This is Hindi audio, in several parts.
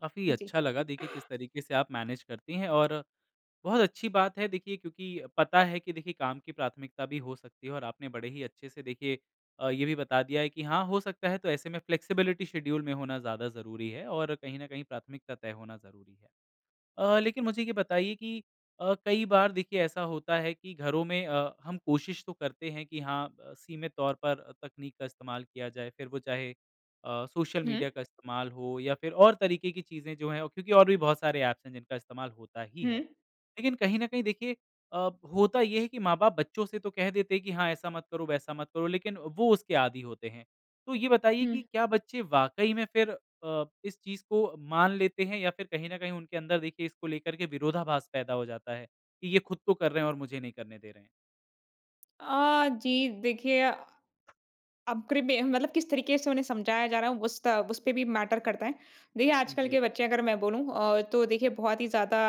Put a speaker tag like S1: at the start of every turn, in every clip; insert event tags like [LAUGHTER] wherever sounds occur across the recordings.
S1: काफ़ी
S2: जी।
S1: अच्छा लगा देखिए किस तरीके से आप मैनेज करती हैं और बहुत अच्छी बात है देखिए क्योंकि पता है कि देखिए काम की प्राथमिकता भी हो सकती है और आपने बड़े ही अच्छे से देखिए अ, ये भी बता दिया है कि हाँ, हो सकता है तो ऐसे में फ्लेक्सिबिलिटी शेड्यूल में होना ज़्यादा ज़रूरी है और कहीं न कहीं प्राथमिकता तय होना ज़रूरी है। अ, लेकिन मुझे ये बताइए कि अ, कई बार देखिए ऐसा होता है कि घरों में अ, हम कोशिश तो करते हैं कि हाँ, अ, सीमित तौर पर तकनीक का इस्तेमाल किया जाए फिर वो चाहे अ, सोशल
S2: हुँ।
S1: मीडिया का इस्तेमाल हो या फिर और तरीके की चीज़ें जो हैं क्योंकि और भी बहुत सारे एप्स हैं जिनका इस्तेमाल होता ही है।
S2: हुँ।
S1: लेकिन कहीं न कहीं देखिए अ, होता ये है कि माँ-बाप बच्चों से तो कह देते हैं कि हाँ, ऐसा मत करो-वैसा मत करो, लेकिन वो उसके आदि होते हैं। तो ये बताइए कि
S2: हुँ।
S1: क्या बच्चे वाक़ई में फिर अ, इस चीज़ को मान लेते हैं या फिर कहीं न कहीं उनके अंदर देखिए इसको लेकर के विरोधाभास पैदा हो जाता है? कि ये खुद तो कर रहे हैं और मुझे नहीं करने दे रहे हैं।
S2: अ, जी, देखिए। अब प्री मे मतलब किस तरीके से उन्हें समझाया जा रहा है उस ता उसपे भी मैटर करता है। देखिए
S1: उ,
S2: आजकल
S1: जी।
S2: के बच्चे अगर मैं बोलूँ अ, तो देखिए बहुत ही ज़्यादा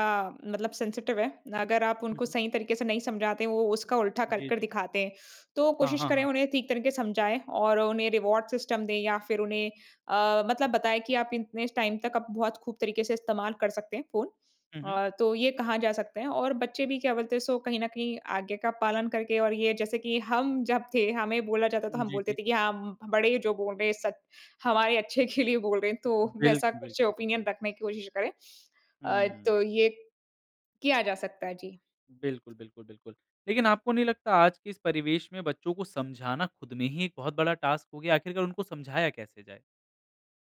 S2: मतलब सेंसिटिव है। अगर आप
S1: हुँ,
S2: उनको
S1: हुँ।
S2: सही तरीके से नहीं समझाते हो वो उसका उल्टा कर
S1: जी,
S2: कर
S1: जी।
S2: दिखाते हैं, तो
S1: हाँ,
S2: कोशिश
S1: हाँ,
S2: करें
S1: हाँ, हाँ।
S2: उन्हें ठीक तरीके से समझाएँ और उन्हें रिवार्ड सिस्टम दें या फिर उन्हें अ, मतलब बताएँ कि आप इतने टाइम तक आप बहुत खूब तरीके से इस्तेमाल कर सकते हैं फ़ोन
S1: हुँ, हुँ।
S2: अ, तो ये कहाँ जा सकते हैं। और बच्चे भी क्या बोलते हैं सो कहीं न कहीं आज्ञा का पालन करके और ये जैसे कि हम जब थे, हमें बोला जाता है तो हम
S1: जी,
S2: बोलते
S1: जी।
S2: थे कि हाँ, उम, उ बड़े जो बोल रहे हैं सच हमारे अच्छे के लिए बोल रहे हैं तो
S1: बिल्क
S2: वैसा कुछ
S1: बिल्कुल,
S2: ओपिनियन
S1: बिल्कुल।
S2: रखने की कोशिश करें। अ,
S1: हुँ।
S2: तो ये, किया जा सकता है। जी।
S1: बिल्कुल, बिल्कुल, बिल्कुल, लेकिन आपको नहीं लगता आज के इस परिवेश में बच्चों को समझाना खुद में ही एक बहुत बड़ा टास्क हो गया आखिरकार उनको समझाया कैसे जाए?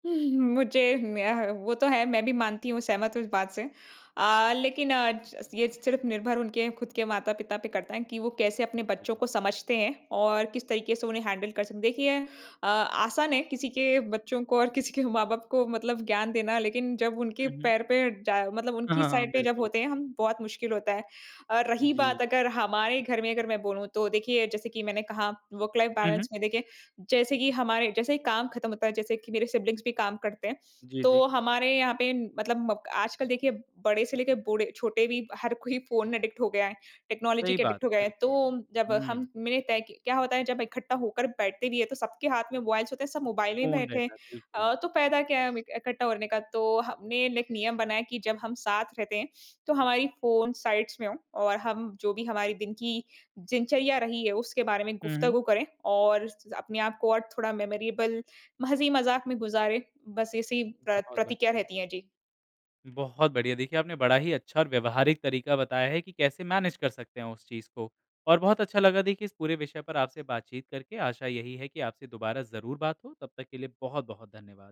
S2: [CHUCKLES] मुझे मैं ह वो तो है मैं भी मानती हूँ सहमत हूँ इस बात से। अ, लेकिन अ, च ये सिर्फ़ निर्भर उनके खुद के माता-पिता पे करता है कि वो कैसे अपने
S1: अ,
S2: बच्चों
S1: जी।
S2: को समझते हैं और किस तरीके से उन्हें हैंडल कर सक देखिए अ, आसान है किसी के बच्चों को और किसी के माँ-बाप को मतलब ज्ञान देना लेकिन जब उनके
S1: हुँ, हुँ।
S2: पैर पे जा मतलब
S1: हाँ,
S2: उनकी
S1: हाँ, हाँ।
S2: साइड पे जब
S1: बिल्कुल।
S2: होते हैं हम बहुत मुश्किल होता है। और रही
S1: जी।
S2: बात अगर हमारे घर में अगर मैं बोलूँ तो देखिए, जैसे कि मैंने कहा वर्क लाइफ़
S1: हुँ, हुँ।
S2: बैलेंस में देखिए जैसे कि हमारे जैसे ही काम खत्म होता है जैसे कि मेरे सिबलिंग्स भी काम करते हैं।
S1: जी,
S2: तो
S1: जी।
S2: हमारे यहाँ पे मतलब अ, आजकल देखिए बड़े से लेके बूढ़े छोटे भी हर कोई फ़ोन एडिक्ट हो गया है, टेक्नोलॉजी
S1: सही
S2: के
S1: बात,
S2: एडिक्ट हो गए हैं। तो
S1: बिल्कुल।
S2: जब हम
S1: हुँ।
S2: मैंने तय कि क्या होता है जब इकट्ठा होकर बैठते भी हैं तो सबके हाथ में मोबाइल्स होते हैं सब मोबाइल ही
S1: फ़ोन
S2: बैठे हैं।
S1: रहता है, बिल्कुल।
S2: अ, तो फ़ायदा क्या है हमें इकट्ठा होने का तो हम मेन एक नियम बनाया कि जब हम साथ रहते हैं तो हमारी फ़ोन साइड्स में हो और हम जो भी हमारी दिन की दिनचर्या रही है उसके बारे में
S1: हुँ, हुँ।
S2: गुफ़्तगू करें और स अपने आप को और थोड़ा मेमोरेबल म हँसी-मज़ाक में गुजारें। बस ऐसी ही प्र
S1: बहुत
S2: प्रतिक्रिया
S1: बढ़िया।
S2: रहती है। जी।
S1: बहुत बढ़िया, देखिए आपने बड़ा ही अच्छा और व्यवहारिक तरीका बताया है कि कैसे मैनेज कर सकते हैं उस चीज़ को, और बहुत अच्छा लगा देखिए इस पूरे विषय पर आपसे बात-चीत करके आशा यही है कि आपसे दोबारा ज़रूर बात हो, तब तक के लिए बहुत बहुत धन्यवाद।